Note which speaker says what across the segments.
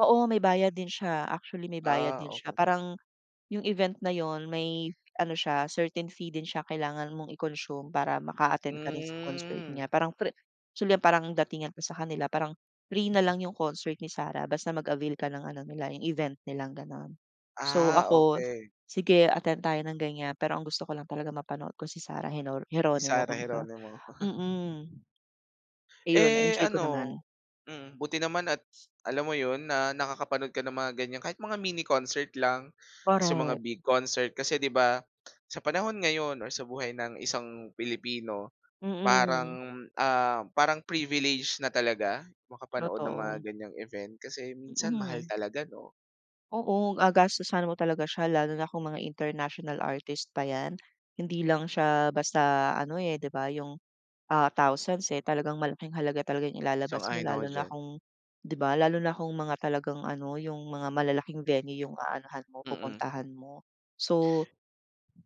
Speaker 1: Oo, may bayad din siya. Actually may bayad
Speaker 2: Ah,
Speaker 1: din siya.
Speaker 2: okey.
Speaker 1: Parang yung event na 'yon may ano siya certain fee din siya kailangan mong i-consume para maka-attend ka din sa concert
Speaker 2: Hmm.
Speaker 1: niya. Parang free actually parang datingan ko sa kanila parang free na lang 'yong concert ni Sarah basta mag-avail ka ng ano nila yung event nilang ganon. So
Speaker 2: Ah,
Speaker 1: ako,
Speaker 2: okey.
Speaker 1: sige attend tayo ng ganyan, pero ang gusto ko lang talaga mapanood ko si Sarah Geno
Speaker 2: Si
Speaker 1: Geronimo
Speaker 2: Sarah
Speaker 1: kumbaga.
Speaker 2: Geronimo.
Speaker 1: Mm. Ayon
Speaker 2: Eh,
Speaker 1: na-enjoy ko
Speaker 2: ano
Speaker 1: naman.
Speaker 2: mm, buti naman at alam mo 'yon na nakakapanood ka ng mga ganyan kahit mga mini concert lang. Tas yung mga
Speaker 1: Korek.
Speaker 2: big concert kasi 'di ba, sa panahon ngayon or sa buhay ng isang Pilipino,
Speaker 1: Mm.
Speaker 2: parang, ah, parang privilege na talaga makapanood ng mga
Speaker 1: Totoo.
Speaker 2: ganyang event kasi minsan mahal
Speaker 1: Mm.
Speaker 2: talaga 'no?
Speaker 1: Oo, gagastusan mo talaga siya. Lalo na kung mga international artist pa 'yan. Hindi lang siya basta ano, eh, 'di ba yung, ah, thousands, eh, talagang malaking halaga talaga yung ilalabas mo
Speaker 2: Sang-ayon ako
Speaker 1: lalo na
Speaker 2: diyan.
Speaker 1: kung 'di ba? Lalo na kung mga talagang ano yung mga malalaking venue yung aanuhan mo,
Speaker 2: Mm.
Speaker 1: pupuntahan mo. So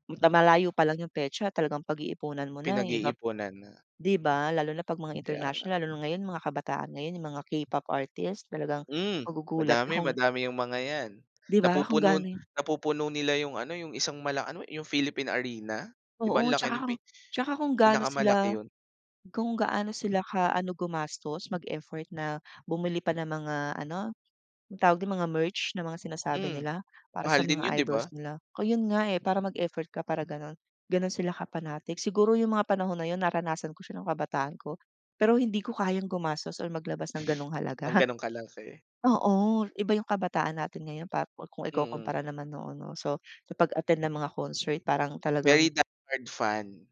Speaker 1: na malayo palang yung petsa talagang pag-iipunan mo na yung ibap
Speaker 2: Pinag-iipunan na.
Speaker 1: 'di ba? Lalo na 'pag mga
Speaker 2: Kaya nga.
Speaker 1: international lalo na ngayon mga kabataan ngayon yung mga K-pop artist talagang
Speaker 2: Hmm,
Speaker 1: magugulat ka
Speaker 2: madami
Speaker 1: kung
Speaker 2: madami yung mga 'yan,
Speaker 1: 'Di ba kung
Speaker 2: napupuno
Speaker 1: gaano yung
Speaker 2: napupuno nila yung ano yung isang mala ano yung Philippine Arena? 'Di ba
Speaker 1: Oo.
Speaker 2: ang laki
Speaker 1: Tsaka
Speaker 2: pi
Speaker 1: kung tsaka kung gano sila
Speaker 2: pinakamalaki 'yon?
Speaker 1: kung gaano sila ka ano gumastos mag-effort na bumili pa ng mga ano, anong tawag don? Ng mga merch ng mga sinasabi
Speaker 2: Hmm,
Speaker 1: nila, para sa
Speaker 2: mahal din
Speaker 1: mga
Speaker 2: 'yon, 'di
Speaker 1: idols
Speaker 2: ba?
Speaker 1: nila. Kaya 'yon nga, eh, para mag-effort ka para ganon, ganon sila ka-panatic. Siguro yung mga panahon na 'yon naranasan ko siya ng kabataan ko. Pero hindi ko kayang gumastos or maglabas ng ganong
Speaker 2: Ng
Speaker 1: halaga.
Speaker 2: ganon kalaki.
Speaker 1: Oo, iba yung kabataan natin ngayon pa kung ikukumpara
Speaker 2: Mm.
Speaker 1: naman noon 'no. So sa pag-attend ng mga concert parang talagang
Speaker 2: Very die-hard fan.